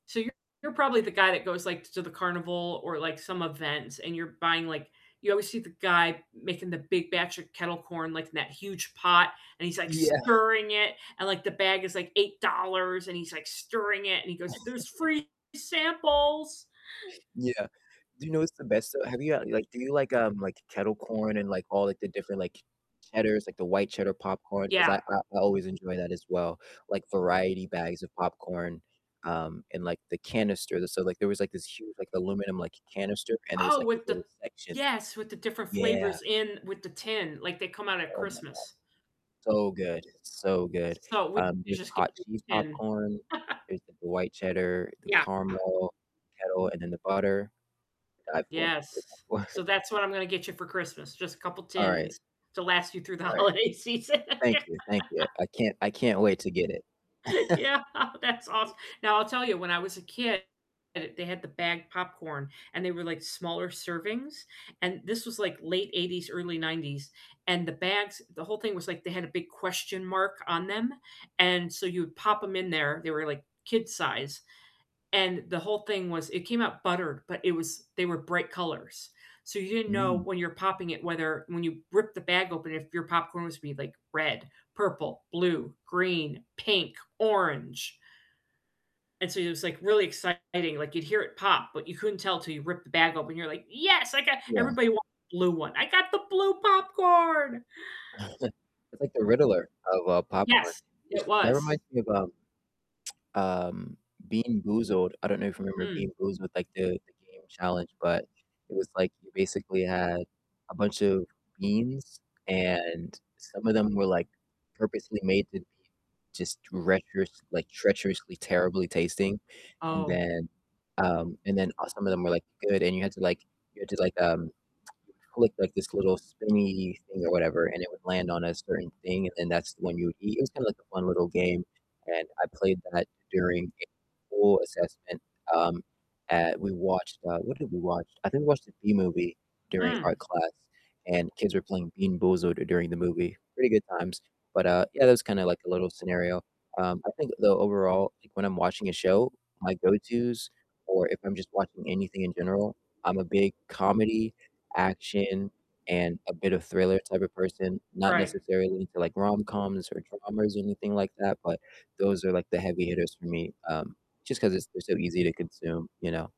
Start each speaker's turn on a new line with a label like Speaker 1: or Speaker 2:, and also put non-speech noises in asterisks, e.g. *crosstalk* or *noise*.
Speaker 1: So you're probably the guy that goes, like, t to the carnival or, like, some events and you're buying, like you always see the guy making the big batch of kettle corn, like, in that huge pot, and he's, like,
Speaker 2: Yeah.
Speaker 1: stirring it, and, like, the bag is, like, $8, and he's, like, stirring it, and he goes, "There's
Speaker 2: *chuckles*
Speaker 1: free samples."
Speaker 2: Yeah, do you know what's the best, though? Have you, uh, like do you like, um, like, kettle corn and, like, all, like, the different, like, cheddars, like, the white cheddar popcorn? 'Cause I
Speaker 1: Yeah.
Speaker 2: I I always enjoy that as well, like, variety bags of popcorn, um, in, like, the canister, the so like, there was, like, this huge, like, aluminum like canister, and there was,
Speaker 1: Oh,
Speaker 2: like, these
Speaker 1: with the
Speaker 2: little sections.
Speaker 1: yes, with the different
Speaker 2: Yeah.
Speaker 1: flavors in, with the tin, like, they come out at
Speaker 2: Oh my god,
Speaker 1: Christmas.
Speaker 2: so good, so good,
Speaker 1: So we
Speaker 2: um, there's
Speaker 1: just get
Speaker 2: hot
Speaker 1: you
Speaker 2: cheese
Speaker 1: a tin.
Speaker 2: popcorn,
Speaker 1: *laughs*
Speaker 2: there's, like, the white cheddar, the
Speaker 1: Yeah.
Speaker 2: caramel, the kettle, and then, the butter. To die for, to die
Speaker 1: Yes. So
Speaker 2: for.
Speaker 1: that's what I'm gonna get you for Christmas, just a couple
Speaker 2: Alright.
Speaker 1: tins to last you through the
Speaker 2: Alright.
Speaker 1: holiday season.
Speaker 2: Thank you, thank you,
Speaker 1: *laughs*
Speaker 2: I can't I can't wait to get it.
Speaker 1: Yeah, that's awes
Speaker 2: *chuckles*
Speaker 1: Now, I'll tell you, when I was a kid, they had the bagged popcorn, and they were, like, smaller servings, and this was, like, late '80s, early '90s, and the bags the whole thing was, like, they had a big question mark on them, and so you would pop 'em in there- they were, like, kid size- and the whole thing was it came out buttered, but it was they were bright colors. So you didn't know
Speaker 2: Mm.
Speaker 1: when you were popping it whether when you ripped the bag open if your popcorn was gonna be, like, red, purple, blue, green, pink, orange and so it was, like, really exciting, like, you'd hear it pop, but you couldn't tell till you ripped the bag open, you're like, "Yes, I got"
Speaker 2: Yeah.
Speaker 1: everybody wanted blue one, "I got the blue popcorn!"
Speaker 2: *chuckles* It's like the Riddler of, uh, popcorn,
Speaker 1: Yes,
Speaker 2: which
Speaker 1: it
Speaker 2: that
Speaker 1: was.
Speaker 2: reminds me of, um, *tsk* um, BeanBoozled, I don't know if you remember
Speaker 1: Mm.
Speaker 2: BeanBoozled with like the the game challenge, but it was, like, you basically had a bunch of beans and some of them were, like, purposely made to be just treacherous, like, treacherously, terribly tasting. And
Speaker 1: Oh.
Speaker 2: then, um, and then, uh, some of them were, like, good and you had to like you had to like, um, *tsk* click, like, this little spinny thing or whatever, and it would land on a certain thing, and then that's the one you would eat, it was kinda like a fun little game, and I played that during a school assessment, um, at we watched, uh- what did we watch? I think we watched the Bee Movie during art
Speaker 1: Mm.
Speaker 2: class, and kids were playing BeanBoozled during the movie. Pretty good times, but, uh, yeah, that was kinda like a little scenario, um, I think though overall, like, when I'm watching a show, my go-tos, or if I'm just watching anything in general I'm a big comedy, action, and a bit of thriller type of person. Not
Speaker 1: Right.
Speaker 2: necessarily into like rom-coms or dramas or anything like that, but those are, like, the heavy hitters for me, um, just 'cause it's they're so easy to consume, you know?